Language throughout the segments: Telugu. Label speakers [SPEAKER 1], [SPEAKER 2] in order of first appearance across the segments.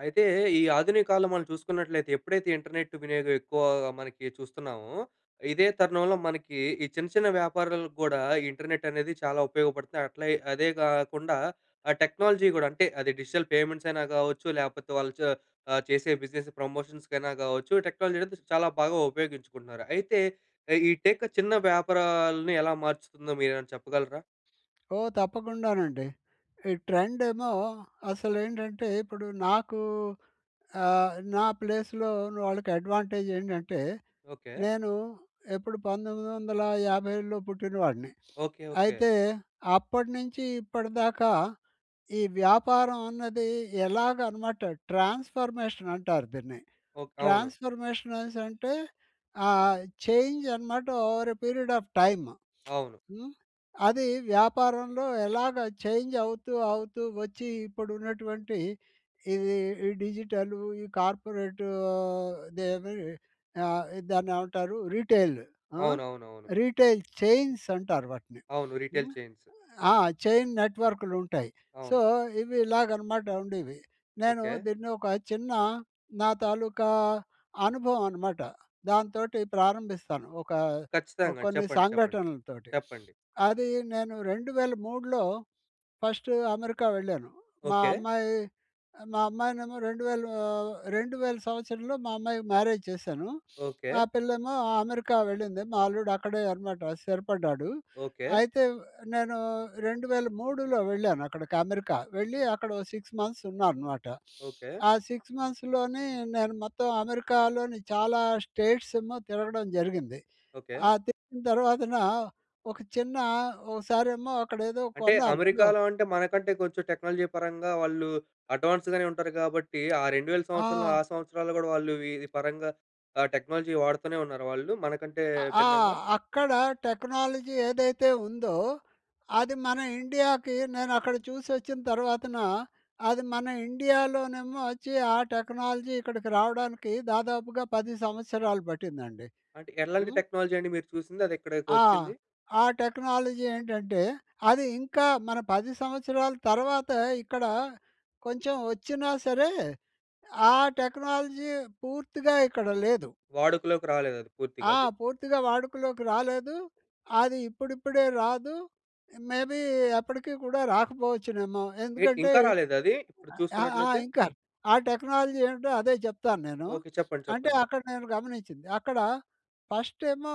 [SPEAKER 1] అయితే ఈ, ఆధునిక కాలంలో మనం చూసుకున్నట్లయితే, ఎప్పుడైతే ఇంటర్నెట్ వినియోగం ఎక్కువగా మనకి చూస్తున్నామో, ఇదే తరుణంలో మనకి ఈ చిన్న, చిన్న వ్యాపారాలకి గూడా ఇంటర్నెట్ అనేది చాలా ఉపయోగపడుతాయి. అట్ల, అదే కాకుండా ఆ టెక్నాలజీ కూడా అంటే, అది డిజిటల్ పేమెంట్స్ అయినా కావచ్చు లేకపోతే వాళ్ళు చ ఆ చేసే బిజినెస్ ప్రమోషన్స్ కైనా, కావచ్చు టెక్నాలజీ అనేది చాలా బాగా ఉపయోగించుకుంటున్నారు. అయితే ఈ టెక్ చిన్న వ్యాపారాల్ని ఎలా మార్చుతుందో మీరేమైనా చెప్పగలరా?
[SPEAKER 2] ఓ తప్పకుండా నండి, ఈ ట్రెండ్ ఏమో అసలు ఏంటంటే ఇప్పుడు నాకు, ఆహ్, నా ప్లేస్‌లో వాళ్ళకి అడ్వాంటేజ్ ఏంటంటే,
[SPEAKER 1] ఓకె.
[SPEAKER 2] నేను ఎప్పుడు 1957లో పుట్టిన వాడిని.
[SPEAKER 1] ఓకె. ఓకె.
[SPEAKER 2] అయితే, అప్పట్నుంచి ఇప్పటిదాకా ఈ వ్యాపారం అన్నది ఎలాగ అనమాట ట్రాన్స్‌ఫర్మేషన్ అంటారు దీన్ని.
[SPEAKER 1] ఓకె. అవును.
[SPEAKER 2] ట్రాన్స్‌ఫర్మేషన్స్ అనెసంటే ఆహ్, చేంజ్ అనమాట over a period of time.
[SPEAKER 1] అవును.
[SPEAKER 2] హ్మ్. అది వ్యాపారంలో ఎలాగ చేంజ్ అవుతూ, అవుతూ వచ్చి ఇప్పుడు ఉన్నటువంటి, ఈ డిజిటల్, ఈ కార్పొరేట్, ఆహ్, దాన్ని, దాన్నేవంటారు రిటైల్ ఆహ్,
[SPEAKER 1] అవునవునవును.
[SPEAKER 2] రిటైల్ చైన్స్ అంటారు వాటిని.
[SPEAKER 1] అవును, రిటైల్
[SPEAKER 2] హ్మ్,
[SPEAKER 1] చైన్సు.
[SPEAKER 2] ఆ! చైన్ నెట్వర్క్‌లు ఉంటాయి. సో,
[SPEAKER 1] అవును.
[SPEAKER 2] ఇవి, ఇలాగ అనమాట ఉండేవి నేను
[SPEAKER 1] ఓకె.
[SPEAKER 2] దీన్ని ఒక చిన్న నా తాలూకా అనుభవం, అనమాట దాంతోటి ప్రారంభిస్తాను ఒక
[SPEAKER 1] ఖచ్చితంగా
[SPEAKER 2] కొన్ని
[SPEAKER 1] చెప్పండి. చెప్పండి.
[SPEAKER 2] సంఘటనలతోటి.
[SPEAKER 1] చెప్పండి.
[SPEAKER 2] అది నేను 2003లో ఫస్ట్ అమెరికా వెళ్ళాను. మా
[SPEAKER 1] ఓకె.
[SPEAKER 2] అమ్మాయి, మా అమ్మాయినేమో 2000 2000 సంవత్సరంలో మా అమ్మాయికి మ్యారేజ్ చేశాను. ఆ
[SPEAKER 1] ఓకె.
[SPEAKER 2] పిల్లేమో అమెరికా వెళ్ళింది మా అల్లుడు అక్కడే, అనమాట స్థిరపడ్డాడు.
[SPEAKER 1] ఓకె.
[SPEAKER 2] అయితే నేను 2003లో వెళ్ళాను అక్కడికి, అమెరికా వెళ్ళి అక్కడ ఒక 6 మంత్స్ ఉన్నా అనమాట.
[SPEAKER 1] ఓకె.
[SPEAKER 2] ఆ 6 మంత్స్ లోనే నేను మొత్తం అమెరికాలోని చాలా స్టేట్స్ ఏమో తిరగడం జరిగింది.
[SPEAKER 1] ఓకె.
[SPEAKER 2] ఆ తిరిగిన, తర్వాతన ఒక చిన్న ఓసారేమో అక్కడేదో
[SPEAKER 1] అంటే
[SPEAKER 2] కొన్నాను ఏదో
[SPEAKER 1] అమెరికాలో అంటే మనకంటే కొంచెం టెక్నాలజీ పరంగా వాళ్ళు అడ్వాన్స్‌ గానే ఉంటారు కాబట్టి. ఆ 2000
[SPEAKER 2] ఆ!
[SPEAKER 1] సంవత్సరంలో, ఆ సంవత్సరాల్లో గూడా వాళ్ళు ఈ పరంగా ఆ టెక్నాలజీ వాడుతూనే ఉన్నారా వాళ్ళు. మనకంటే
[SPEAKER 2] అ ఆ!
[SPEAKER 1] భిన్నంగా?
[SPEAKER 2] అక్కడ టెక్నాలజీ ఏదైతే ఉందో అది మన ఇండియాకి నేను అక్కడ చూసొచ్చిన తర్వాతన అది మన ఇండియాలోనేమో వచ్చి ఆ, టెక్నాలజీ ఇక్కడికి రావడానికి దాదాపుగా 10 సంవత్సరాలు పట్టిందండి.
[SPEAKER 1] అంటే, ఎలాంటి
[SPEAKER 2] హ్మ్.
[SPEAKER 1] టెక్నాలజీ అండి మీరు చూసింది అది ఇక్కడకి
[SPEAKER 2] ఆ!
[SPEAKER 1] వచ్చింది?
[SPEAKER 2] ఆ టెక్నాలజీ ఏంటంటే అది ఇంకా మన 10 సంవత్సరాల తర్వాత ఇక్కడ కొంచెం వచ్చినా సరే ఆ టెక్నాలజీ పూర్తిగా ఇక్కడ లేదు.
[SPEAKER 1] వాడుకలోకి రాలేదు అది పూర్తిగా
[SPEAKER 2] ఆ!
[SPEAKER 1] అది.
[SPEAKER 2] పూర్తిగా వాడుకలోకి రాలేదు, అది ఇప్పుడిప్పుడే రాదు, మేబీ ఎప్పటికి కూడా రాకపోవచ్చునేమో
[SPEAKER 1] ఏంటి,
[SPEAKER 2] ఎందుకంటే
[SPEAKER 1] ఇంకా రాలేదా అది? ఇప్పుడు
[SPEAKER 2] ఆహ్, ఆ!
[SPEAKER 1] చూసుకున్నట్లయితే?
[SPEAKER 2] ఇంకా ఆ టెక్నాలజీ ఏంటో అదే చెప్తాను నేను.
[SPEAKER 1] ఓకె. చెప్పండి,
[SPEAKER 2] అంటే,
[SPEAKER 1] చెప్పండి.
[SPEAKER 2] అక్కడ నేను గమనించింది. అక్కడ ఫస్ట్ ఏమో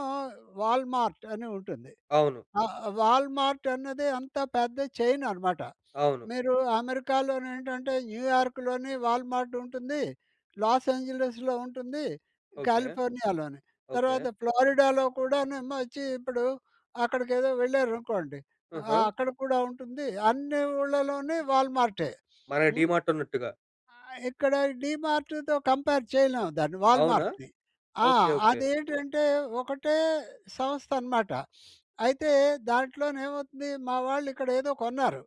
[SPEAKER 2] వాల్మార్ట్ అని ఉంటుంది.
[SPEAKER 1] అవును.
[SPEAKER 2] ఆహ్, వాల్మార్ట్ అన్నది అంతా పెద్ద చైన్ అనమాట.
[SPEAKER 1] అవును.
[SPEAKER 2] మీరు అమెరికాలోని ఏంటంటే, న్యూయార్క్‌లోని వాల్మార్ట్ ఉంటుంది, లాస్ ఏంజిల్స్‌లో ఉంటుంది,
[SPEAKER 1] ఓకె.
[SPEAKER 2] కాలిఫోర్నియాలోని
[SPEAKER 1] ఓకె.
[SPEAKER 2] తర్వాత ఫ్లోరిడాలో కూడానేమో వచ్చి ఇప్పుడు అక్కడికి ఏదో వెళ్లారనుకోండి. ఆహ్,
[SPEAKER 1] హుహు.
[SPEAKER 2] అక్కడ కూడా ఉంటుంది. అన్ని ఊళ్లలోని వాల్మార్టే.
[SPEAKER 1] మన
[SPEAKER 2] హ్మ్.
[SPEAKER 1] డీమార్ట్ ఉన్నట్టుగా?
[SPEAKER 2] ఆహ్, ఇక్కడ డీమార్ట్‌తో కంపేర్ చేయలేం దాన్ని
[SPEAKER 1] అవునా!
[SPEAKER 2] వాల్మార్ట్‌ని ఆ!
[SPEAKER 1] Okay, okay.
[SPEAKER 2] అదేంటంటే ఒకటే సంస్థ అనమాట. అయితే దాంట్లోనేమవుతుంది మా వాళ్ళు ఇక్కడ ఏదో కొన్నారు.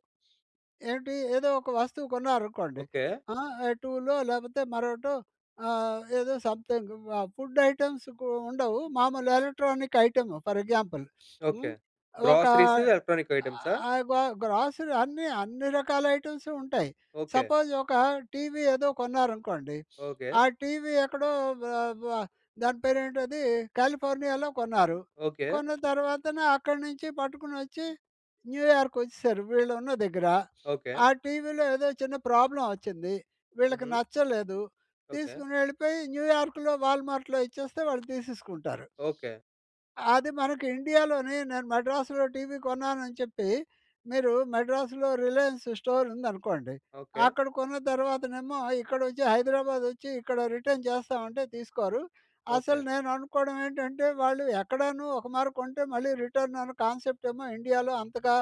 [SPEAKER 2] ఏంటి? ఏదో ఒక వస్తువు కొన్నారనుకోండి.
[SPEAKER 1] ఓకె.
[SPEAKER 2] ఆ! ఎ టూలో లేకపోతే మరొకటో ఆహ్, ఏదో సంథింగ్ ఫుడ్ ఐటెమ్స్‌కు ఉండవు. మామూలుగా electronic item for example.
[SPEAKER 1] Okay.
[SPEAKER 2] హ్మ్, ఒక
[SPEAKER 1] గ్రోసరీస్, ఎలక్ట్రానిక్ ఐటెమ్సా?
[SPEAKER 2] ఆహ్, గ గ్రోసరీ అన్ని, అన్ని రకాల ఐటమ్స్ ఉంటాయి.
[SPEAKER 1] ఓకె.
[SPEAKER 2] సపోజ్ ఒక టీవీ ఏదో కొన్నారనుకోండి.
[SPEAKER 1] ఓకె.
[SPEAKER 2] ఆ టీవీ ఎక్కడో వ వ దాని పేరేంటది కాలిఫోర్నియాలో కొన్నారు.
[SPEAKER 1] ఓకె.
[SPEAKER 2] కొన్న తర్వాతనే అక్కడ్నుంచి పట్టుకొని వచ్చి న్యూయార్క్ వచ్చేసారు, వీళ్ళు ఉన్న దగ్గర.
[SPEAKER 1] ఓకె.
[SPEAKER 2] ఆ, టీవీలో ఏదో చిన్న ప్రాబ్లమ్ వచ్చింది. వీళ్ళకి
[SPEAKER 1] హుహు.
[SPEAKER 2] నచ్చలేదు.
[SPEAKER 1] ఓకె.
[SPEAKER 2] తీసుకొని వెళ్ళిపోయి న్యూయార్క్‌లో వాల్మార్ట్‌లో ఇచ్చేస్తే వాళ్ళు తీసేసుకుంటారు.
[SPEAKER 1] ఓకె.
[SPEAKER 2] అది మన ఇండియాలోనే నేను మడ్రాసులో టీవీ కొన్నానని చెప్పి, మీరు మడ్రాసులో రిలయన్స్ స్టోర్ ఉందనుకోండి.
[SPEAKER 1] ఓకె.
[SPEAKER 2] అక్కడ కొన్న తర్వాతనేమో ఇక్కడ వచ్చి హైదరాబాదొచ్చి ఇక్కడ రిటర్న్ చేస్తామంటే తీసుకోరు.
[SPEAKER 1] ఓకె.
[SPEAKER 2] అసలు నేను అనుకోవడం ఏంటంటే వాళ్ళు ఎక్కడనో ఒక మారి కొంటే మళ్ళీ రిటర్న్ అనే కాన్సెప్ట్ ఏమో ఇండియాలో అంతగా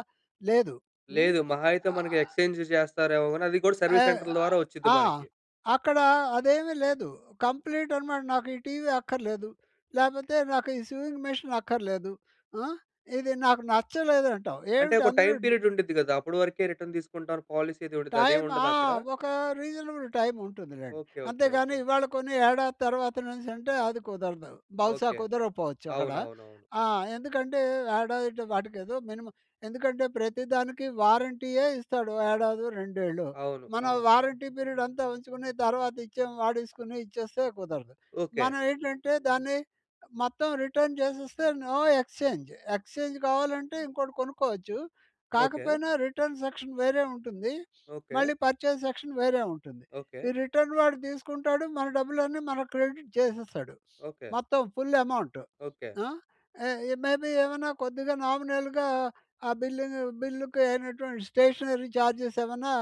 [SPEAKER 2] లేదు. హ్మ్.
[SPEAKER 1] లేదు. మహా అయితే మనకి ఎక్స్‌చెంజ్ చేస్తారేమో గాని అది గూడా
[SPEAKER 2] ఎ
[SPEAKER 1] సర్వీస్ సెంటర్ ద్వారా వచ్చుద్ది
[SPEAKER 2] ఆ!
[SPEAKER 1] మనకి.
[SPEAKER 2] అక్కడ, అదేమీ లేదు. కంప్లీట్ అనమాట నాకు ఈ టీవీ అక్కర్లేదు, లేపోతే నాకు ఈ సీవింగ్ మిషన్ అక్కర్లేదు, ఆహ్, ఇది నాకు నచ్చలేదంటావు
[SPEAKER 1] అంటే
[SPEAKER 2] ఏంటి
[SPEAKER 1] ఒక
[SPEAKER 2] అందరూ
[SPEAKER 1] టైమ్
[SPEAKER 2] డి
[SPEAKER 1] పీరియడ్ ఉండుద్ది కదా! అప్పుడు వరకే రిటర్న్ తీసుకుంటారు. పాలిసీ ఉండుద్ది. అదేమి
[SPEAKER 2] టైం ఆ!
[SPEAKER 1] ఉండదా అక్కడ?
[SPEAKER 2] ఒక రీజనబుల్ టైమ్ ఉంటుంది లెండి.
[SPEAKER 1] ఓకె, ఓకె,
[SPEAKER 2] అంతేకాని
[SPEAKER 1] ఓకె.
[SPEAKER 2] ఇవాళ కొన్ని ఏడాది తర్వాతనేసంటే అది కుదరదు, బహుశా
[SPEAKER 1] ఓకె.
[SPEAKER 2] కుదరకపోవచ్చు అక్కడ.
[SPEAKER 1] అవునవునవును.
[SPEAKER 2] ఆ! ఎందుకంటే, ఏడాది వాటికే ఏదో మినిమమ్ ఎందుకంటే ప్రతి దానికి వారంటీయే ఇస్తాడు. ఏడాదో, రెండేళ్ళో.
[SPEAKER 1] అవును.
[SPEAKER 2] మనం
[SPEAKER 1] అవును.
[SPEAKER 2] వారంటీ పీరియడ్ అంతా ఉంచుకొని తర్వాత ఇచ్చే వాడుకొని ఇచ్చేస్తే కుదరదు.
[SPEAKER 1] ఓకె.
[SPEAKER 2] మనం ఏంటంటే మొత్తం రిటర్న్ చేసేస్తే నో ఎక్స్‌చెంజ్, ఎక్స్‌చెంజ్ కావాలంటే ఇంకోటి కొనుక్కోవచ్చు,
[SPEAKER 1] ఓకె.
[SPEAKER 2] కాకపోయినా రిటర్న్ సెక్షన్ వేరే ఉంటుంది,
[SPEAKER 1] ఓకె.
[SPEAKER 2] మళ్ళీ పర్చేజ్ సెక్షన్ వేరే ఉంటుంది.
[SPEAKER 1] ఓకె.
[SPEAKER 2] ఈ రిటర్న్ వాడు తీసుకుంటాడు మన డబ్బులన్నీ మనకి క్రెడిట్ చేసేస్తాడు.
[SPEAKER 1] ఓకె.
[SPEAKER 2] మొత్తం ఫుల్ అమౌంట్.
[SPEAKER 1] ఓకె.
[SPEAKER 2] ఆ! మేబి ఏమన్నా కొద్దిగా నామినల్‌గా ఆ బిల్లును బిల్లుకి అయినవంటి స్టేషనరీ ఛార్జెస్ ఏమన్నా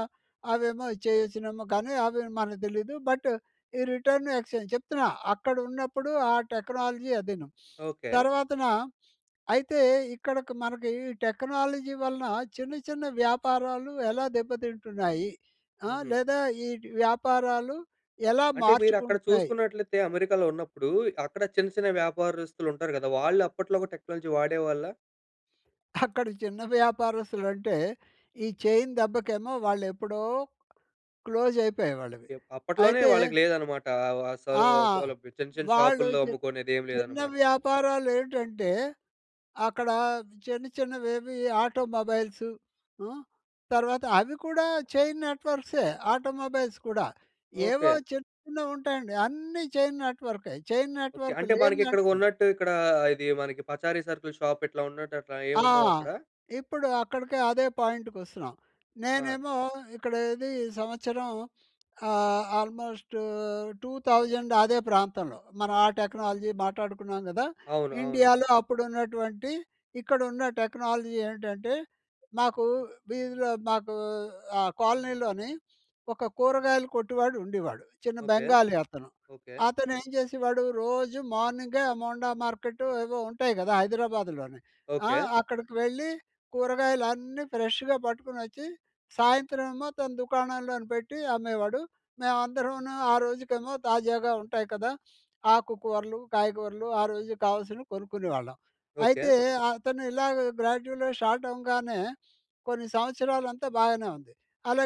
[SPEAKER 2] అవేమో చేసినెమొ కానీ, అవి మనకి తెలీదు. బట్ ఈ రిటర్న్, ఎక్స్‌చెంజ్ చెప్తున్నా అక్కడ ఉన్నప్పుడు ఆ టెక్నాలజీ అదీను.
[SPEAKER 1] ఓకె.
[SPEAKER 2] తర్వాతన అయితే, ఇక్కడ మనకి ఈ టెక్నాలజీ వలన చిన్న, చిన్న వ్యాపారాలు ఎలా దెబ్బతింటున్నాయి? అ!
[SPEAKER 1] హుహు.
[SPEAKER 2] లేదా ఈ వ్యాపారాలు ఎలా
[SPEAKER 1] అంటే మీరు అక్కడ
[SPEAKER 2] మార్చుకుంటున్నాయి?
[SPEAKER 1] చూసుకున్నట్లయితే అమెరికాలో ఉన్నప్పుడు, అక్కడ చిన్న, చిన్న వ్యాపారస్తులు ఉంటారు గదా! వాళ్ళు అప్పట్లో కూడా టెక్నాలజీ వాడేవాళ్ళా?
[SPEAKER 2] అక్కడ చిన్న వ్యాపారస్తులు అంటే ఈ చైన్ దెబ్బకేమో వాళ్ళు ఎప్పుడో క్లోజ్ అయిపోయేయి వాళ్ళవి.
[SPEAKER 1] ఎ అప్పట్లోనే
[SPEAKER 2] అయితే
[SPEAKER 1] వాళ్ళకి లేదన్నమాట. ఆహ్, సౌ
[SPEAKER 2] ఆ!
[SPEAKER 1] సౌలభ్యం చిన్న చిన్న
[SPEAKER 2] వాళ్ళు
[SPEAKER 1] షాపుల్లో
[SPEAKER 2] చి
[SPEAKER 1] అమ్ముకునేదేమి
[SPEAKER 2] చిన్న
[SPEAKER 1] లేదన్నమాట.
[SPEAKER 2] వ్యాపారాలు ఏంటంటే, అక్కడ చిన్న, చిన్నవి ఏవి ఆటోమొబైల్స్. హ్మ్. తర్వాత అవి కూడా చైన్ నెట్వర్క్‌సే ఆటోమొబైల్స్ కూడా. ఏవో
[SPEAKER 1] ఓకె.
[SPEAKER 2] చిన్నవి ఉంటాయండి. అన్నీ చైన్ నెట్వర్కే. Chain
[SPEAKER 1] okay.
[SPEAKER 2] నెట్వర్క్
[SPEAKER 1] అంటే మనకి ఇక్కడ
[SPEAKER 2] లేనిదంటు
[SPEAKER 1] ఉన్నట్టు ఇక్కడ, ఇది మనకి పచారి సర్కుల షాప్ ఇట్లా ఉన్నట్టు అట్లా
[SPEAKER 2] ఆ!
[SPEAKER 1] ఏమి ఉండవా అక్కడ?
[SPEAKER 2] ఇప్పుడు అక్కడికి అదే పాయింట్‌కి వస్తున్నాం.
[SPEAKER 1] ఆ!
[SPEAKER 2] నేనేమో ఇక్కడ ఇది ఈ సంవత్సరం ఆహ్, ఆల్మోస్ట్ 2000 అదే ప్రాంతంలో మనం ఆ టెక్నాలజీ మాట్లాడుకున్నాం కదా!
[SPEAKER 1] అవును, అవును.
[SPEAKER 2] ఇండియాలో అప్పుడు ఉన్నటువంటి ఇక్కడ ఉన్న టెక్నాలజీ ఏంటంటే, మాకు వీధిలో మాకూ ఆ కాలనీలోని ఒక కూరగాయలు కొట్డు‌వాడు ఉండేవాడు. చిన్న
[SPEAKER 1] ఓకె.
[SPEAKER 2] బెంగాలీ అతను.
[SPEAKER 1] ఓకె.
[SPEAKER 2] అతను ఏం చేసేవాడు, రోజు మార్నింగె ఆ మోండా మార్కెట్ ఏవో ఉంటాయి కదా హైదరాబాదులోని. ఆ!
[SPEAKER 1] ఓకె.
[SPEAKER 2] అక్కడికి వెళ్ళి కూరగాయలు అన్నీ ఫ్రెష్‌గా పట్టుకొని వచ్చి సాయంత్రం ఏమో తన దుకాణంలో పెట్టి, అమ్మేవాడు. మేమందరును ఆ రోజుకేమో తాజాగా ఉంటాయి కదా! ఆకు కూరలు, కాయగూరలు ఆ రోజు కావాల్సినవి కొనుక్కునేవాళ్ళం.
[SPEAKER 1] ఓకె.
[SPEAKER 2] అయితే అతను ఇలాగ గ్రాడ్యువల్‌గా స్టార్ట్ అవ్వగానే కొన్ని సంవత్సరాలంతా బాగానే ఉంది.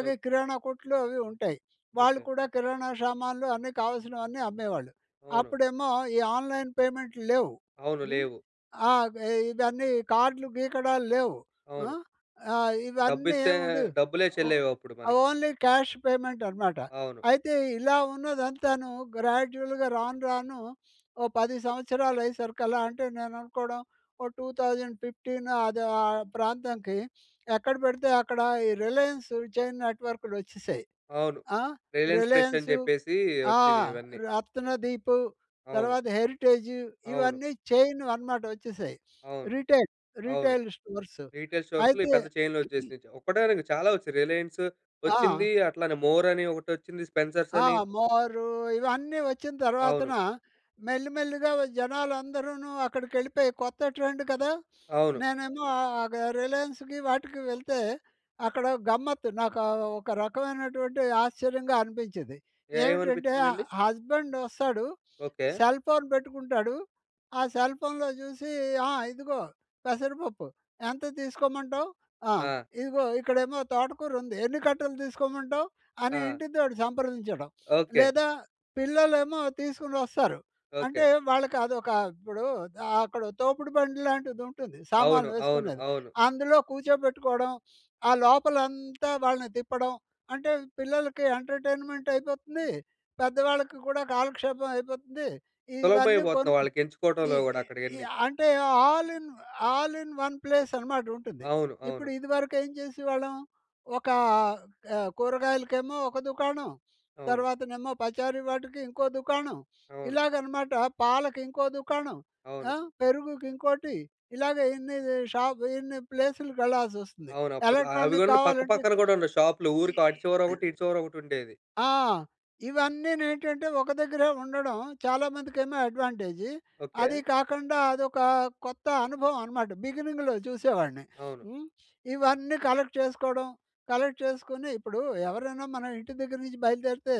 [SPEAKER 1] ఓకె.
[SPEAKER 2] కిరాణా కొట్లు అవి ఉంటాయి. వాళ్ళు
[SPEAKER 1] ఓకె.
[SPEAKER 2] కూడా కిరాణా సామాన్లు అన్ని కావాల్సిన అవన్నీ అమ్మేవాళ్ళు.
[SPEAKER 1] అవును.
[SPEAKER 2] అప్పుడేమో ఈ ఆన్‍లైన్ పేమెంట్లు లేవు.
[SPEAKER 1] అవును.
[SPEAKER 2] హ్మ్.
[SPEAKER 1] లేవు.
[SPEAKER 2] ఆ! ఎ ఇవన్నీ కార్డ్‌లు గీకడాలు లేవు.
[SPEAKER 1] అవును.
[SPEAKER 2] హ్మ్. ఆహ్, ఇవన్నీ
[SPEAKER 1] డబ్బిస్తే
[SPEAKER 2] ఏముండేవి
[SPEAKER 1] డబ్బులే
[SPEAKER 2] ఓ
[SPEAKER 1] చెల్లేవి, అప్పుడు మనకి.
[SPEAKER 2] ఓన్లీ క్యాష్ పేమెంట్ అనమాట.
[SPEAKER 1] అవును.
[SPEAKER 2] అయితే ఇలా ఉన్నదంతాను గ్రాడ్యువల్‌గా రాను, రాను ఓ 10 సంవత్సరాలు అయ్యేసరికల్లా అంటే నేను అనుకోవడం ఓ 2015 అది ఆహ్, ప్రాంతానికి ఎక్కడ పెడితే అక్కడ ఈ 'రిలయన్స్ చైన్ నెట్‌వర్క్‌లు' వచ్చేసాయి.
[SPEAKER 1] అవును.
[SPEAKER 2] ఆహ్,
[SPEAKER 1] 'రిలయన్స్ ఫ్రెష్' అని
[SPEAKER 2] 'రిలయన్సు',
[SPEAKER 1] చెప్పేసి
[SPEAKER 2] ఆ!
[SPEAKER 1] వచ్చినయి ఇవన్నీ.
[SPEAKER 2] 'రత్నదీపు'
[SPEAKER 1] అవును.
[SPEAKER 2] తర్వాత 'హెరిటేజ్'
[SPEAKER 1] అవును.
[SPEAKER 2] ఇవన్నీ చైన్‌వి అన్నమాట వచ్చేసాయి.
[SPEAKER 1] అవును,
[SPEAKER 2] రిటైల్
[SPEAKER 1] అవును.
[SPEAKER 2] Retail stores.
[SPEAKER 1] రీటైల్ స్టోర్స్‌లో ఈ
[SPEAKER 2] అయితే
[SPEAKER 1] పెద్ద చైన్లు వచ్చేసినయి. ఒక్కటని కాదు చాలా వచ్చాయి, రిలయన్స్ వచ్చింది.
[SPEAKER 2] ఆ!
[SPEAKER 1] అట్లనే 'మోర్' అని ఒకటి వచ్చింది. 'స్పెన్సర్స్'
[SPEAKER 2] ఆ!
[SPEAKER 1] అని.
[SPEAKER 2] 'మోరు' ఇవన్నీ వచ్చిన
[SPEAKER 1] అవును.
[SPEAKER 2] తర్వాతన మెల్లి, మెల్లిగా జనాలందరూను అక్కడికెళ్ళిపోయి కొత్త ట్రెండ్ కదా!
[SPEAKER 1] అవును.
[SPEAKER 2] నేనేమో ఆగ రిలయన్స్‌కి, వాటికి వెళ్తే అక్కడ గమ్మత్తు. నాకు ఆహ్, ఒక రకమైనటువంటి ఆశ్చర్యంగా అనిపించేది.
[SPEAKER 1] ఏ
[SPEAKER 2] ఏంటంటే అ
[SPEAKER 1] ఏమనిపించిందండి?
[SPEAKER 2] హస్బెండ్ వస్తాడు.
[SPEAKER 1] ఓకె.
[SPEAKER 2] సెల్ ఫోన్ పెట్టుకుంటాడు. ఆ సెల్ ఫోన్‌లో చూసి "ఆ! ఇదిగో పెసరపప్పు. ఎంత తీసుకోమంటావు? ఆ!
[SPEAKER 1] ఆ!
[SPEAKER 2] ఇదిగో ఇక్కడేమో తోటకూర ఉంది, ఎన్ని కట్టలు తీసుకోమంటావు?" అని
[SPEAKER 1] ఆ!
[SPEAKER 2] ఇంటితోటి సంప్రదించడం.
[SPEAKER 1] ఓకె.
[SPEAKER 2] లేదా పిల్లలేమో తీసుకొని వస్తారు.
[SPEAKER 1] ఓకె.
[SPEAKER 2] అంటే వాళ్ళకి అదొక ఇప్పుడు ఆహ్, అక్కడ తోపుడు బండి లాంటిది ఉంటుంది.
[SPEAKER 1] అవును,
[SPEAKER 2] సామాన్లు
[SPEAKER 1] అవును,
[SPEAKER 2] వేసుకునేది.
[SPEAKER 1] అవును.
[SPEAKER 2] అందులో కూర్చోబెట్టుకోవడం. ఆ లోపల అంతా వాళ్ళని తిప్పడం, అంటే పిల్లలకి ఎంటర్టైన్మెంట్ అయిపోతుంది. పెద్దవాళ్ళకి కూడా కాలక్షేపం అయిపోతుంది. ఇవన్నీ
[SPEAKER 1] సులభమైపోతుంది
[SPEAKER 2] కొను
[SPEAKER 1] వాళ్ళకి
[SPEAKER 2] ఈ
[SPEAKER 1] ఎంచుకోవడంలో కూడా అక్కడయి
[SPEAKER 2] ఈ
[SPEAKER 1] అన్నీ.
[SPEAKER 2] అంటే all in all in one place అనమాట, ఉంటుంది.
[SPEAKER 1] అవును,
[SPEAKER 2] ఇప్పుడు
[SPEAKER 1] అవును.
[SPEAKER 2] ఇదివరకు ఏం చేసేవాళ్ళం? ఒక ఆహ్, కూరగాయలకేమో ఒక దుకాణం.
[SPEAKER 1] అవును.
[SPEAKER 2] తర్వాతనేమో పచారీ వాటికి ఇంకో దుకాణం.
[SPEAKER 1] అవును.
[SPEAKER 2] ఇలాగనమాట. పాలకి ఇంకో దుకాణం.
[SPEAKER 1] అవును.
[SPEAKER 2] ఆహ్, పెరుగుకి ఇంకోటి ఇలాగ ఎన్ని షాప్, ఇన్ని ప్లేసులుకి వెళ్ళాల్సి వస్తుంది.
[SPEAKER 1] అవును, అప్పట్లో అవి
[SPEAKER 2] ఎలక్ట్రానిక్
[SPEAKER 1] కూడల
[SPEAKER 2] కావాలంటే
[SPEAKER 1] పక్కపక్కన కూడా ఉండవు షాప్‌లు ఊరికి అటు చివర ఒకటి, ఇటు చివర ఒకటి ఉండేది.
[SPEAKER 2] ఆ! ఇవన్నీ ఏంటంటే ఒక దగ్గరే ఉండడం చాలా మందికి ఏమో అడ్వాంటేజి. అది
[SPEAKER 1] ఓకె.
[SPEAKER 2] కాకుండా అదొక కొత్త అనుభవం అనమాట. బిగినింగ్‌లో చూసేవాడిని.
[SPEAKER 1] అవును.
[SPEAKER 2] హ్మ్. ఇవన్నీ కలెక్ట్ చేసుకోవడం. కలెక్ట్ చేసుకొని, ఇప్పుడు ఎవరైనా మన ఇంటి దగ్గర నుంచి బయలుదేరితే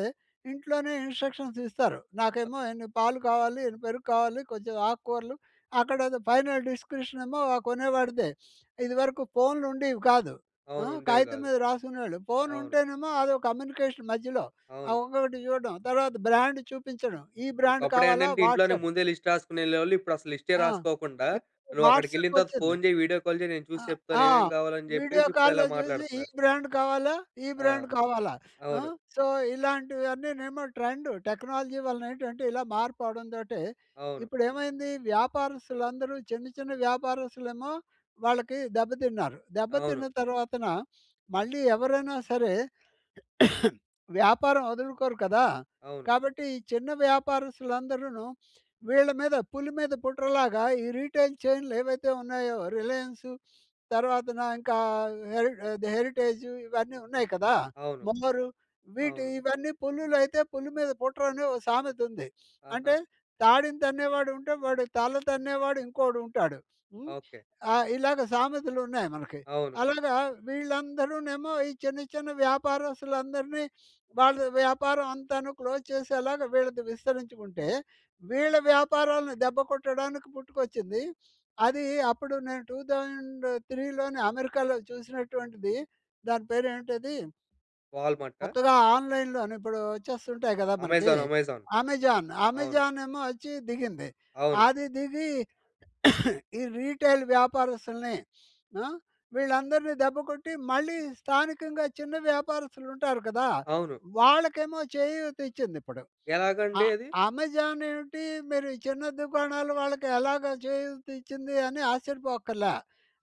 [SPEAKER 2] ఇంట్లోనే ఇన్స్ట్రక్షన్స్ ఇస్తారు. నాకేమో ఇన్ని పాలు కావాలి, ఇన్ని పెరుగు కావాలి. కొంచెం ఆకుకూరలు. అక్కడ ఏదో ఫైనల్ డిస్క్రిప్షన్ ఏమో కొనేవాడిదే. ఇది వరకు ఫోన్‌లు ఉండేవి కాదు. అ!
[SPEAKER 1] అవును. ఉండేవి
[SPEAKER 2] కాగితం
[SPEAKER 1] కాదు.
[SPEAKER 2] మీద రాసుకునేవాళ్ళు. ఫోన్
[SPEAKER 1] అవును.
[SPEAKER 2] ఉంటేనేమో అదో కమ్యూనికేషన్ మధ్యలో అ!
[SPEAKER 1] అవును.
[SPEAKER 2] ఇంకొకటి చూడడం. తర్వాత బ్రాండ్ చూపించడం. ఈ బ్రాండ్
[SPEAKER 1] ఒకప్పుడు
[SPEAKER 2] కావాలా?
[SPEAKER 1] ఏంటంటే ఇంట్లోనే
[SPEAKER 2] వాట్సాప్
[SPEAKER 1] ముందే లిస్ట్ రాసుకొని వెళ్ళేవాళ్ళు. ఇప్పుడు అసలు లిస్టే
[SPEAKER 2] ఆ!
[SPEAKER 1] రాసుకోకుండా
[SPEAKER 2] ఇప్పుడు
[SPEAKER 1] "నువ్వు అక్కడికి
[SPEAKER 2] వాట్సాప్
[SPEAKER 1] వెళ్ళిన తర్వాత
[SPEAKER 2] వచ్చింది.
[SPEAKER 1] ఫోన్ చెయ్, వీడియో కాల్ చెయ్ నేను
[SPEAKER 2] అ!
[SPEAKER 1] చూసి చెప్తాను
[SPEAKER 2] ఆ!
[SPEAKER 1] ఏమేం కావాలి" అని
[SPEAKER 2] వీడియో
[SPEAKER 1] చెప్పేసి ఇప్పుడు ఇలా
[SPEAKER 2] కాల్‌‌లో చూసి ఈ
[SPEAKER 1] మాట్లాడుతున్నారు.
[SPEAKER 2] బ్రాండ్ కావాలా? ఈ
[SPEAKER 1] ఆ!
[SPEAKER 2] బ్రాండ్ కావాలా? అ!
[SPEAKER 1] అవును.
[SPEAKER 2] So ఇలాంటివన్నీనేమో trend. టెక్నాలజీ వలన ఏంటంటే ఇలా మార్పు అవడం తోటీ,
[SPEAKER 1] అవును.
[SPEAKER 2] ఇప్పుడు ఏమైంది? వ్యాపారస్తులందరూ చిన్న, చిన్న వ్యాపారస్తులేమో వాళ్ళకి, దెబ్బతిన్నారు. దెబ్బ
[SPEAKER 1] అవును.
[SPEAKER 2] తిన్న తర్వాతన మళ్ళీ ఎవరైనా సరే వ్యాపారం వదులుకోరు కదా!
[SPEAKER 1] అవును.
[SPEAKER 2] కాబట్టి ఈ చిన్న వ్యాపారస్తులు అందరును, వీళ్ళ మీద పులి మీద పుట్ర లాగా ఈ రిటైల్ చైన్లేవైతే ఉన్నాయో, 'రిలయన్సు', తర్వాతన ఇంకా హె 'హెరిటేజ్' ఇవన్నీ ఉన్నాయి కదా,
[SPEAKER 1] అవును.
[SPEAKER 2] మోమోరు వీటి
[SPEAKER 1] అవును.
[SPEAKER 2] ఇవన్ని పులులయితే 'పులి మీద పుట్ర' అని ఒక సామెత ఉంది.
[SPEAKER 1] ఆహా!
[SPEAKER 2] అంటే తాడిని తన్నేవాడుంటే, వాడి తల తన్నేవాడు ఇంకోడు ఉంటాడు. హ్మ్.
[SPEAKER 1] ఓకె.
[SPEAKER 2] ఆహ్, ఇలాగ సామెతలు ఉన్నాయి మనకి.
[SPEAKER 1] అవును.
[SPEAKER 2] అలాగా వీళ్ళందరూనేమో ఈ చిన్న చిన్న వ్యాపారస్తులందరిని వాళ్ళ వ్యాపారం అంతాను క్లోజ్ చేసేలాగా వీళ్ళది విస్తరించుకుంటే. వీళ్ళ వ్యాపారాలను దెబ్బ కొట్టడానికి పుట్టుకొచ్చింది. అది అప్పుడు నేను 2003లోనే అమెరికాలో చూసినటువంటిది. దాని పేరు ఏంటిది
[SPEAKER 1] వాల్‌‌మార్టా?
[SPEAKER 2] కొత్తగా ఆన్‍లైన్‍లోను ఇప్పుడు వచ్చేస్తుంటాయి కదా, మనకి.
[SPEAKER 1] అమెజాన్. అమెజాన్.
[SPEAKER 2] 'అమెజాన్'.
[SPEAKER 1] అవును.
[SPEAKER 2] అమెజానేమో వచ్చి దిగింది.
[SPEAKER 1] అవును.
[SPEAKER 2] అది దిగి ఈ రిటైల్ వ్యాపారస్తుల్ని అ! వీళ్ళందరిని దెబ్బ కొట్టి మళ్ళీ స్థానికంగా చిన్న వ్యాపారస్తులు ఉంటారు కదా!
[SPEAKER 1] అవును.
[SPEAKER 2] వాళ్ళకేమో చేయూత ఇచ్చింది ఇప్పుడు. అ
[SPEAKER 1] ఎలాగండి అది?
[SPEAKER 2] అమెజాన్ ఏంటి మీరు చిన్న దుకాణాలు వాళ్ళకి ఎలాగా చేయూత ఇచ్చింది అని ఆశ్చర్యపోవక్కర్ల.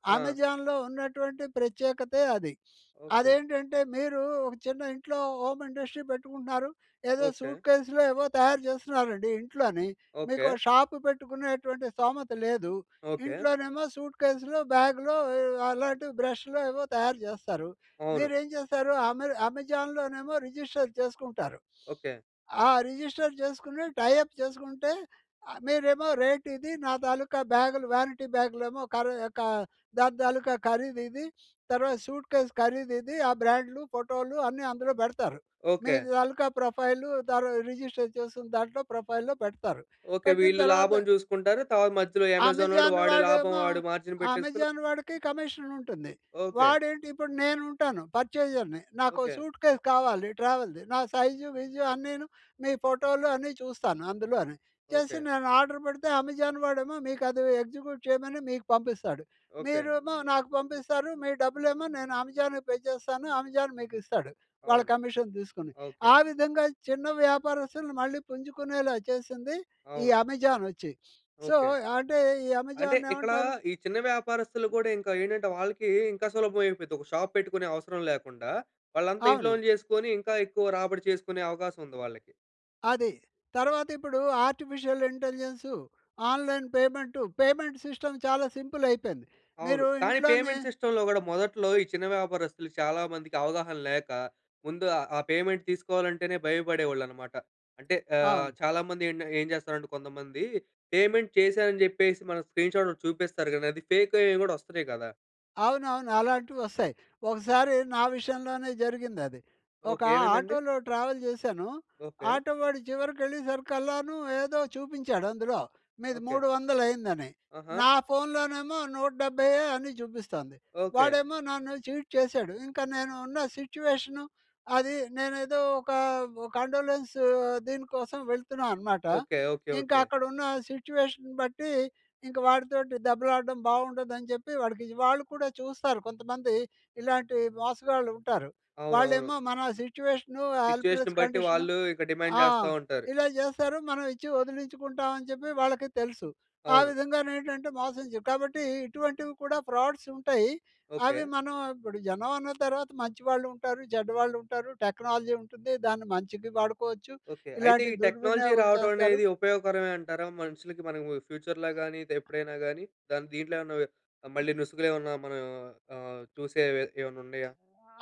[SPEAKER 1] ఆ!
[SPEAKER 2] అమెజాన్‍లో ఉన్నటువంటి ప్రత్యేకతే అది.
[SPEAKER 1] ఓకె.
[SPEAKER 2] అదేంటంటే మీరు ఒక చిన్న ఇంట్లో హోమ్ ఇండస్ట్రీ పెట్టుకుంటున్నారు. ఏదో
[SPEAKER 1] ఓకె.
[SPEAKER 2] సూట్కేస్‌లో, ఏవో తయారు చేస్తున్నారండి ఇంట్లోనే. మీకు ఓ
[SPEAKER 1] ఓకె.
[SPEAKER 2] షాప్ పెట్టుకునేటువంటి స్థోమత లేదు.
[SPEAKER 1] ఓకె.
[SPEAKER 2] ఇంట్లోనేమో సూట్కేస్‌లో, బ్యాగ్‌లో ఆహ్, అలాంటి బ్రష్‌లో ఏవో తయారు చేస్తారు.
[SPEAKER 1] అవును.
[SPEAKER 2] మీరేం చేస్తారు? అమె అమెజాన్‍లోనేమో రిజిస్టర్ చేసుకుంటారు.
[SPEAKER 1] ఓకె.
[SPEAKER 2] ఆ! రిజిస్టర్ చేసుకొని టై అప్ చేసుకుంటే మీరేమో రేట్ ఇది, నా తాలుకా బ్యాగులు వారెంటీ బ్యాగ్‌లేమో ఖరీ క దాని తాలుకా ఖరీదు ఇది. తర్వాత సూట్కేస్ ఖరీదు ఇది. ఆ బ్రాండ్లు, ఫోటోలు అన్నీ అందులో పెడతారు. మీ
[SPEAKER 1] ఓకె.
[SPEAKER 2] తాలుకా ప్రొఫైలు తర రిజిస్టర్ చేసిన దాంట్లో ప్రొఫైల్‌లో పెడతారు.
[SPEAKER 1] ఓకె.
[SPEAKER 2] పెట్టిన
[SPEAKER 1] వీళ్ళు
[SPEAKER 2] తర్వాత
[SPEAKER 1] లాభం చూసుకుంటారు. తర్వాత మధ్యలో అమెజానొడు
[SPEAKER 2] అమెజాన్
[SPEAKER 1] వాడి లాభం
[SPEAKER 2] వాడేమో,
[SPEAKER 1] వాడు మార్జిన్ పెట్టేసుకొని
[SPEAKER 2] అమెజాన్ వాడికి కమిషన్ ఉంటుంది.
[SPEAKER 1] ఓకె.
[SPEAKER 2] వాడేంటి ఇప్పుడు నేను ఉంటాను, పర్చేజర్‍ని. నాకో
[SPEAKER 1] ఓకె.
[SPEAKER 2] సూట్కేస్ కావాలి ట్రావెల్‌ది. నా సైజు, విజు అన్నీను మీ ఫోటోలు అన్ని చూస్తాను అందులోని. చేసి
[SPEAKER 1] ఓకె.
[SPEAKER 2] నేను ఆర్డర్ పెడితే అమెజాన్ వాడేమో మీకు అది ఎగ్జిక్యూట్ చేయమని మీకు పంపిస్తాడు.
[SPEAKER 1] ఓకె.
[SPEAKER 2] మీరేమో నాకు పంపిస్తారు. మీ డబ్బులేమో నేను అమెజాన్‌కి పే చేస్తాను. అమెజాన్ మీకు ఇస్తాడు. వాళ్ళ
[SPEAKER 1] అవును.
[SPEAKER 2] కమిషన్ తీసుకొని.
[SPEAKER 1] ఓకె.
[SPEAKER 2] ఆ విధంగా చిన్న వ్యాపారస్తులుని మళ్ళీ పుంజుకునేలా చేసింది, ఈ
[SPEAKER 1] అవును.
[SPEAKER 2] అమెజాన్ వచ్చి. So
[SPEAKER 1] okay.
[SPEAKER 2] అంటే ఈ
[SPEAKER 1] అంటే
[SPEAKER 2] అమెజాన్‌ను
[SPEAKER 1] ఇక్కడ
[SPEAKER 2] ఏమంటారు?
[SPEAKER 1] ఈ చిన్న వ్యాపారస్తులు కూడా ఇంకా ఏంటంటే, వాళ్ళకి ఇంకా సులభం అయిపోయిద్ది. ఒక షాప్ పెట్టుకునే అవసరం లేకుండా, వాళ్ళంతా
[SPEAKER 2] అవును.
[SPEAKER 1] ఇంట్లోనే చేసుకొని ఇంకా ఎక్కువ రాబడి చేసుకునే అవకాశం ఉంది వాళ్ళకి.
[SPEAKER 2] అదీ. తర్వాతిప్పుడు artificial intelligence, online payment, payment system చాలా సింపులయిపోయింది.
[SPEAKER 1] అవును.
[SPEAKER 2] మీరు
[SPEAKER 1] కానీ,
[SPEAKER 2] ఇంట్లోనే
[SPEAKER 1] పేమెంట్ సిస్టమ్‌లో గూడా మొదట్లో, ఈ చిన్న వ్యాపారస్తులు చాలా మందికి అవగాహన లేక, ముందు ఆహ్, ఆ పేమెంట్ తీసుకోవాలంటేనే భయపడేవాళ్ళన్నమాట. అంటే ఆహ్,
[SPEAKER 2] అవును.
[SPEAKER 1] చాలామంది ఏండ ఏం చేస్తారంటే కొంతమంది, పేమెంట్ చేశా అని చెప్పేసి, మన స్క్రీన్‌షాటోటి చూపిస్తారు గానీ, అది ఫేకయ్యేయి గూడా వస్తున్నాయి గదా!
[SPEAKER 2] అవునవును. అలాంటివొస్తాయి. ఒకసారి నా విషయంలోనే జరిగిందది. ఒక
[SPEAKER 1] ఓకే. ఏమైందండి?
[SPEAKER 2] ఆటోలో ట్రావెల్ జేశాను.
[SPEAKER 1] ఓకే.
[SPEAKER 2] ఆటో వాడు చివరికెళ్ళే సరికల్లాను ఏదో చూపించాడందులో, మీది
[SPEAKER 1] ఓకే.
[SPEAKER 2] మూడు వందలయిందని.
[SPEAKER 1] ఆహా!
[SPEAKER 2] నా ఫోన్‌లోనేమో నూట డెబ్బైయ్యే అని చూపిస్తొంది.
[SPEAKER 1] ఓకే.
[SPEAKER 2] వాడేమో నన్ను చీట్ చేసాడు. ఇంక నేను ఉన్న సిట్యుయేషను, అది, నేనేదో ఒక ఒ కండోలెన్సు దీనికోసం వెళ్తున్నా అనమాట.
[SPEAKER 1] ఓకే. ఓకే.
[SPEAKER 2] ఇంకా
[SPEAKER 1] ఓకే.
[SPEAKER 2] అక్కడున్న సిట్యుయేషన్ బట్టి, ఇంక వాడితోటి దెబ్బలాడడం బావుండదని చెప్పి, వాడికిజి వాళ్ళు కూడా చూస్తారు, కొంతమంది ఇలాంటి మోసగాళ్ళు ఉంటారు.
[SPEAKER 1] అవునవును.
[SPEAKER 2] వాళ్ళేమో మన సిట్యుయేషను
[SPEAKER 1] సిట్యుయేషన్
[SPEAKER 2] హెల్ప్‌లెస్
[SPEAKER 1] బట్టి,
[SPEAKER 2] కండిషను
[SPEAKER 1] వాళ్ళు ఇక డిమాండ్
[SPEAKER 2] ఆ!
[SPEAKER 1] జేస్తా ఉంటారు.
[SPEAKER 2] ఇలా జేస్తారు, మనమిచ్చి వదిలించుకుంటామని చెప్పి, వాళ్ళకీ తెలుసు. ఆ
[SPEAKER 1] అవును.
[SPEAKER 2] విధంగానేంటంటే, మోసం చే కాబట్టి ఇటువంటివి కూడా ఫ్రాడ్స్ ఉంటాయి. అవి
[SPEAKER 1] ఓకే.
[SPEAKER 2] మనం ఇప్పుడు జనం అన్నా తర్వాత మంచి వాళ్ళు ఉంటారు, చెడ్డ వాళ్ళు ఉంటారు, టెక్నాలజీ ఉంటుంది, దాన్ని మంచికి వాడుకోవచ్చు,
[SPEAKER 1] ఓకే. అయితే,
[SPEAKER 2] ఇలాంటి
[SPEAKER 1] ఈ టెక్నాలజీ
[SPEAKER 2] దుర్వినియోగం చేస్తారు.
[SPEAKER 1] రావటమనేది ఉపయోగకరమే అంటారా? మనుషులకి మనము ఫ్యూచర్‌లో గాని, ఇదెప్పుడైనా గాని. దాన్ దీంట్లో ఏమన్న ఓహ్, ఆహ్, మళ్ళీ నుసుగులేమన్నా మనం ఆహ్, చూసేవే ఏమన్నుండయా?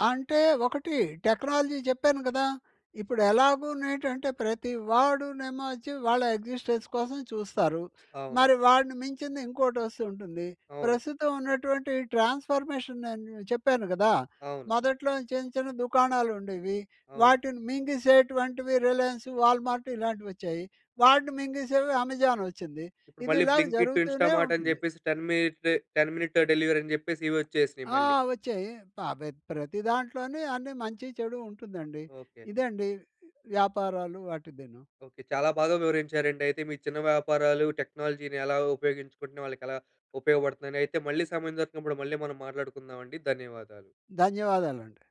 [SPEAKER 2] అంటే ఒకటి, టెక్నాలజీ చెప్పాను గదా! ఇప్పుడు ఎలాగూనేటంటే, ప్రతి వాడు నేమో వచ్చి, వాళ్ళ ఎగ్జిస్టెన్స్ కోసం చూస్తారు.
[SPEAKER 1] అవును.
[SPEAKER 2] మరి వాడిని మించిందింకోటొస్తూంటుంది.
[SPEAKER 1] అవును.
[SPEAKER 2] ప్రస్తుతం ఉన్నటువంటి ట్రాన్స్ఫర్మేషన్ నేను చెప్పాను గదా!
[SPEAKER 1] అవును.
[SPEAKER 2] మొదట్లో చిన్న, చిన్న దుకాణాలుండేవి.
[SPEAKER 1] అవును.
[SPEAKER 2] వాటిని మింగిసేటువంటివి రిలయన్సు, వాల్‌మార్టు, ఇలాంటివొచ్చాయి. వాటిని మింగిసేవి అమెజానొచ్చింది.
[SPEAKER 1] ఇప్పుడు
[SPEAKER 2] ఇది
[SPEAKER 1] మళ్ళీ
[SPEAKER 2] ఇలాగ
[SPEAKER 1] బ్లింక్ ఇట్, ఇన్స్టా
[SPEAKER 2] జరుగుతూనే
[SPEAKER 1] మార్టని
[SPEAKER 2] ఉంటుంది.
[SPEAKER 1] జెప్పేసి 10 మీటే 10 మినిట్ టూ డెలివరీ అని జెప్పేసి. ఇవొచ్చేసినియి
[SPEAKER 2] ఆ!
[SPEAKER 1] మళ్ళీ.
[SPEAKER 2] వచ్చాయి. ఆహ్, బెద్ ప్రతి దాంట్లోని అన్ని మంచి, చెడు ఉంటుందండి.
[SPEAKER 1] ఓకే.
[SPEAKER 2] ఇదండి వ్యాపారాలు వాటిదీను.
[SPEAKER 1] ఓకే. చాలా బాగా వివరించారండయితే, మీ చిన్న వ్యాపారాలు టెక్నాలజీ‌ని ఎలా ఉపయోగించుకుంటున్నాయి, వాళ్ళకెలా ఉపయోగపడుతుందని. అయితే మళ్ళీ సమయం దొరికినప్పుడు, మళ్ళీ మనం మాట్లాడుకుందామండి ధన్యవాదాలు.
[SPEAKER 2] ధన్యవాదాలండి.